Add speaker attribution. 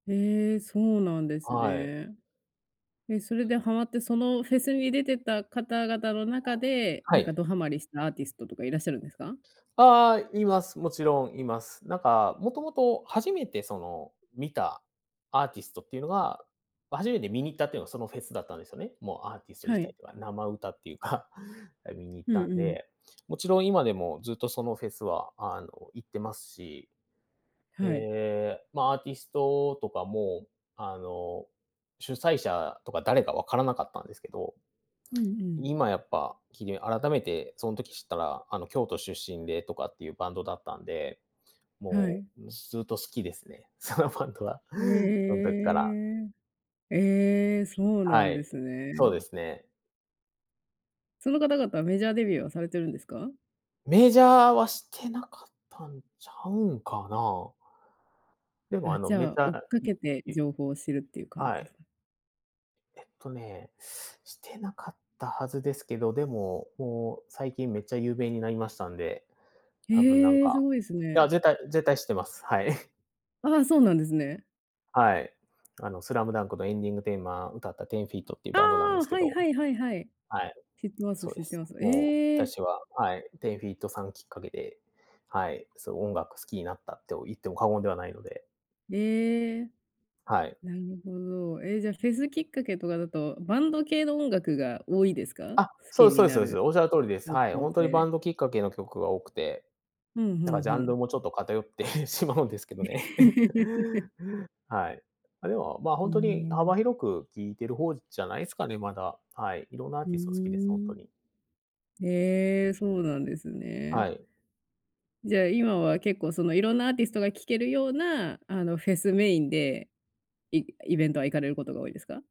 Speaker 1: へえ、そうなんです
Speaker 2: はい。
Speaker 1: ね。え、それではまって、そのフェスに出てた方々の中で、
Speaker 2: は
Speaker 1: なんか
Speaker 2: い。
Speaker 1: どはまりしたアーティストとかいらっしゃるんですか？
Speaker 2: ああ、います。もちろんいます。なんか、もともと初めてその見たアーティストっていうのが、ま、初めて観に行ったっていうのはそのフェスだったんですよね。もうアーティスト
Speaker 1: は
Speaker 2: 自体
Speaker 1: い。
Speaker 2: って、あ、生歌っていうか、観に行っ
Speaker 1: う
Speaker 2: た
Speaker 1: ん
Speaker 2: ん
Speaker 1: うん。
Speaker 2: で、もちろん今でもずっとそのフェスはあの行ってますし。
Speaker 1: はい。
Speaker 2: ええ、ま、アーティストとかも、あの主催者とか誰か分からなかったんですけど、
Speaker 1: うんうん。
Speaker 2: 今やっぱ、きり改めてその時知ったら、あの京都出身でとかっていうバンドだったんで、
Speaker 1: は
Speaker 2: も
Speaker 1: い。
Speaker 2: うずっと好きですね。そのバンドは、
Speaker 1: え
Speaker 2: そん時から。
Speaker 1: え。ええ、そうな
Speaker 2: は
Speaker 1: んで
Speaker 2: い、
Speaker 1: すね。
Speaker 2: そうですね。
Speaker 1: その方々、メジャーデビューはされてるんですか？
Speaker 2: メジャーはしてなかったんちゃうんかな。でも
Speaker 1: あ、
Speaker 2: あの
Speaker 1: じ
Speaker 2: メ
Speaker 1: ゃ、追っ
Speaker 2: タ
Speaker 1: か
Speaker 2: い
Speaker 1: けて
Speaker 2: い
Speaker 1: 情報を知るっていう感じ
Speaker 2: は
Speaker 1: で
Speaker 2: い。
Speaker 1: すか？
Speaker 2: えっとね、してなかったはずですけど、でも、もう最近めっちゃ有名になりましたんで、多分なん
Speaker 1: へえ、す
Speaker 2: か、
Speaker 1: ごいです
Speaker 2: いや、
Speaker 1: ね。
Speaker 2: 絶対絶対知ってます。はい。
Speaker 1: ああ、そうなんですね。
Speaker 2: はい。あのスラムダンクのエンディングテーマ、歌った 10-FEET っていう
Speaker 1: あ
Speaker 2: バンドなんで
Speaker 1: あ、
Speaker 2: すけ
Speaker 1: はい
Speaker 2: ど
Speaker 1: はいはいはい。
Speaker 2: はい。
Speaker 1: 知ってます、
Speaker 2: そう
Speaker 1: 知
Speaker 2: で
Speaker 1: って
Speaker 2: す。
Speaker 1: ます、
Speaker 2: もう、
Speaker 1: ええ。
Speaker 2: 私は、はい、10-FEET さんきっかけで、はい、そう、音楽好きになったと言っても過言ではないので。
Speaker 1: ええ。
Speaker 2: はい。
Speaker 1: なるほど。え、じゃあフェスきっかけとかだと、バンド系の音楽が多いですか？
Speaker 2: あ、
Speaker 1: 好
Speaker 2: そ
Speaker 1: き
Speaker 2: う、
Speaker 1: に
Speaker 2: そうです、
Speaker 1: な
Speaker 2: そうです、
Speaker 1: る、
Speaker 2: おっしゃる通りです。
Speaker 1: 方
Speaker 2: はい、
Speaker 1: 向
Speaker 2: ほんとにバ
Speaker 1: 性。
Speaker 2: ンドきっかけの曲が多くて。
Speaker 1: ふんふ
Speaker 2: なんか
Speaker 1: ん
Speaker 2: ジ
Speaker 1: ふ
Speaker 2: ャンル
Speaker 1: ん。
Speaker 2: もちょっと偏ってしまうんですけどね。はい。あ、でも、ま、
Speaker 1: うー
Speaker 2: 本当に
Speaker 1: ん。
Speaker 2: 幅広く聴いてる方じゃないすかね、まだ、はい、いろんなアー
Speaker 1: ふう
Speaker 2: ティスト好きです、ほんと
Speaker 1: ん。
Speaker 2: に。
Speaker 1: へえ、そうなんですね。
Speaker 2: はい。
Speaker 1: じゃ、今は結構その色んなアーティストが聴けるようなあのフェスメインで、イイベントは行かれることが多いですか？